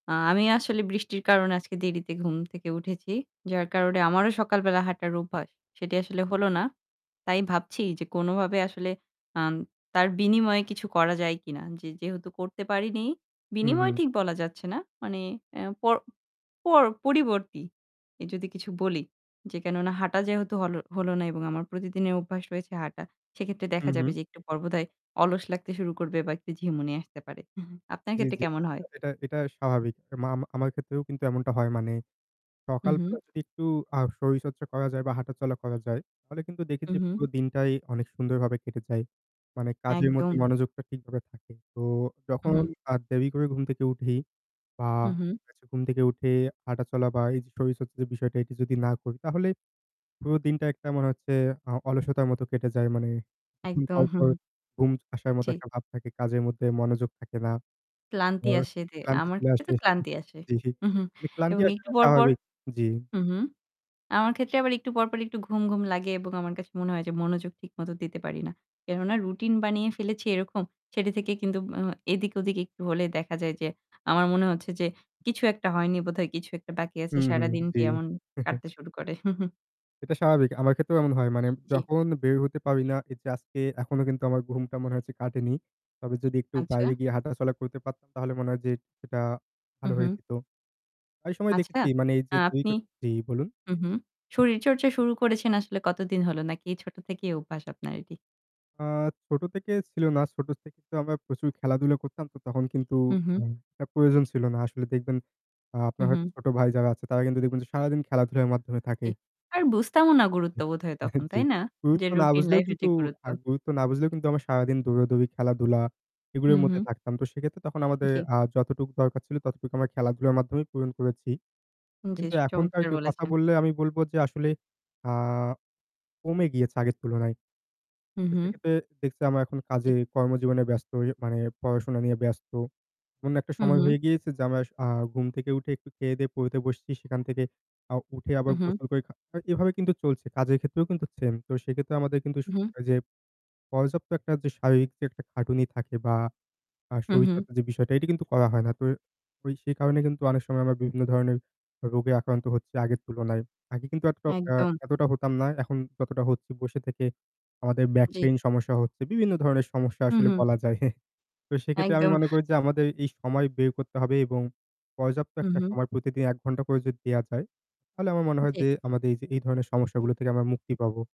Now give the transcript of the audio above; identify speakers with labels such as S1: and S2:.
S1: আ আমি আসলে বৃষ্টির কারণে আজকে দেরিতে ঘুম থেকে উঠেছি। যার কারণে আমারও সকালবেলা হাঁটার অভ্যাস। সেটি আসলে হল না। তাই ভাবছি যে কোনভাবে আসলে আম তার বিনিময়ে কিছু করা যায় কিনা। যে, যেহেতু করতে পারিনি
S2: হুম, হুম।
S1: বিনিময়ে ঠিক বলা যাচ্ছে না। মানে এ পর পর পরিবর্তী যদি কিছু বলি যে কেননা হাঁটা যেহেতু হল হল না এবং আমার প্রতিদিনের অভ্যাস রয়েছে হাঁটা। সেক্ষেত্রে দেখা
S2: হুম,
S1: যাবে
S2: হুম।
S1: যে একটু পর বোধহয় অলস লাগতে শুরু করবে বা একটু ঝিমুনি আসতে পারে। আপনার
S2: জ্বী,
S1: ক্ষেত্রে
S2: জ্বী।
S1: কেমন হয়?
S2: এটা এটা স্বাভাবিক। আমা আমার ক্ষেত্রেও কিন্তু এমনটা হয় মানে
S1: হু,
S2: সকাল বেলা
S1: হু।
S2: যদি একটু আ শরীরচর্চা করা যায় বা হাঁটা চলা করা যায় তাহলে কিন্তু
S1: হু,
S2: দেখেছি
S1: হু।
S2: পুরো দিনটাই অনেক সুন্দর ভাবে কেটে যায়। মানে কাজের মধ্যে
S1: একদম।
S2: মনোযোগটা ঠিকভাবে থাকে। তো
S1: হু,
S2: যখন
S1: হু।
S2: আর দেরি করে ঘুম থেকে উঠি বা
S1: হু, হু।
S2: হচ্ছে ঘুম থেকে উঠে হাঁটাচলা বা এই যে শরীরচর্চা বিষয়টা যদি না করি তাহলে পুরো দিনটা একটা মনে হচ্ছে আ অলসতার মতো কেটে যায় মানে [unintelligible]
S1: একদম,
S2: পর,
S1: হুম,
S2: পর
S1: হুম।
S2: ঘুম আসার মতো
S1: জ্বী।
S2: একটা ভাব থাকে কাজের মধ্যে মনোযোগ থাকে না।
S1: ক্লান্তি
S2: তারপর
S1: আসে। দে
S2: ক্লান্তি
S1: আমার
S2: চলে
S1: ক্ষেত্রে
S2: আসে।
S1: তো ক্লান্তি আসে।
S2: জি, ক্লান্তি
S1: এবং
S2: আসা
S1: একটু
S2: টা
S1: পর, পর
S2: স্বাভাবিক, জী।
S1: হুম, হুম। আমার ক্ষেত্রে আবার একটু পর, পর একটু ঘুম, ঘুম লাগে এবং আমার কাছে মনে হয় যে মনোযোগ ঠিক মতো দিতে পারি না। কেননা রুটিন বানিয়ে ফেলেছি এরকম। সেটি থেকে কিন্তু ও এদিক-ওদিকে একটু হলে দেখা যায় যে আমার মনে হচ্ছে যে, কিছু একটা হয়নি বোধহয় কিছু একটা বাকি আছে
S2: হুম, হুম।
S1: সারাদিন
S2: জি।
S1: দিয়ে এমন কাটতে শুরু করে।
S2: এটা স্বাভাবিক। আমার ক্ষেত্রেও এমন হয় মানে
S1: জ্বী।
S2: যখন বের হতে পারি না এই যে আজকে এখনো কিন্তু আমার ঘুমটা মনে হচ্ছে কাটেনি। তবে যদি একটু বাইরে
S1: আচ্ছা।
S2: গিয়ে হাঁটা চলা করতে পারতাম তাহলে মনে হয় যে এটা
S1: হু,
S2: ভালো হয়ে
S1: হু।
S2: যেত। অনেক সময়
S1: আচ্ছা
S2: দেখেছি মানে এই যে ২
S1: আপনি
S2: জী বলুন।
S1: হুম, হুম। শরীরচর্চা শুরু করেছেন আসলে কতদিন হল? নাকি এই ছোট থেকেই অভ্যাস আপনার এটি?
S2: আ ছোট থেকে ছিল না। ছোট থেকে তো আমরা প্রচুর খেলাধুলা করতাম। তো তখন কিন্তু
S1: হু, হু।
S2: আম একটা প্রয়োজন ছিল না। আসলে দেখবেন আ আপনার
S1: হু,
S2: হয়তো
S1: হু।
S2: ছোট ভাই যারা আছে তারা কিন্তু দেখবেন যে সারাদিন খেলাধুলার মাধ্যমে থাকে।
S1: জি। আর বুঝতামও না গুরুত্ব বোধহয়
S2: এহ
S1: তখন,
S2: জ্বী।
S1: তাই না? যে
S2: গুরুত্ব না
S1: রুটিন
S2: বুঝলেও
S1: লাইফের
S2: কিন্তু
S1: যে গুরুত্ব।
S2: আ গুরুত্ব না বুঝলেও কিন্তু আমরা সারাদিন দৌড়াদৌড়ি খেলাধুলা
S1: হু,
S2: এগুলোর মধ্যে
S1: হু।
S2: থাকতাম। তো সেক্ষেত্রে তখন আমাদের
S1: জ্বী।
S2: আ যতটুকু দরকার ছিল ততটুকু আমরা খেলাধুলার মাধ্যমেই পূরণ করেছি।
S1: জ্বী
S2: কিন্তু
S1: স
S2: এখনকার
S1: চমৎকার
S2: কেউ কথা
S1: বলেছেন।
S2: বললে আমি বলব যে আসলে আ কমে গিয়েছে আগের তুলনায়।
S1: হু,
S2: তো
S1: হু।
S2: সেক্ষেত্রে দেখছি আমরা এখন কাজে
S1: ইহ
S2: কর্মজীবনে ব্যস্ত হয়ে মানে পড়াশোনা নিয়ে ব্যস্ত। এমন একটা
S1: হু,
S2: সময়
S1: হু।
S2: হয়ে গিয়েছে যে আমরা ঘুম থেকে উঠে একটু খেয়ে দেয়ে পড়তে বসছি সেখান থেকে আ উঠে আবার
S1: হু, হু।
S2: গোসল করে খা এভাবে কিন্তু চলছে। কাজের ক্ষেত্রেও কিন্তু সেম তো সেক্ষেত্রে আমাদের কিন্তু
S1: হুম।
S2: [unintelligible] এই যে পর্যাপ্ত একটা শারীরিক যে একটা খাটুনি থাকে বা আর
S1: হু,
S2: শরীর
S1: হু।
S2: চর্চার যে বিষয়টা এটা কিন্তু করা হয় না। তো ওই সেই কারণে কিন্তু অনেক সময় আমরা বিভিন্ন ধরনের রোগে আক্রান্ত হচ্ছি আগের তুলনায়। আগে কিন্তু এতটা
S1: একদম।
S2: এ হতাম না। এখন যতটা হচ্ছি বসে থেকে আমাদের বেক
S1: জ্বী।
S2: পেইন সমস্যা হচ্ছে। বিভিন্ন ধরনের সমস্যা
S1: হু,
S2: আসলে
S1: হু।
S2: বলা যায়। তো সেক্ষেত্রে আমি
S1: একদম।
S2: মনে করি যে আমাদের এই সময় বের করতে হবে এবং পর্যাপ্ত
S1: হু,
S2: একটা
S1: হু।
S2: সময় প্রতিদিন ১ ঘন্টা করে যদি দেওয়া যায় তাহলে আমার মনে হয়
S1: জী।
S2: যে আমাদের এই যে ধরনের সমস্যাগুলো থেকে আমরা মুক্তি পাবো।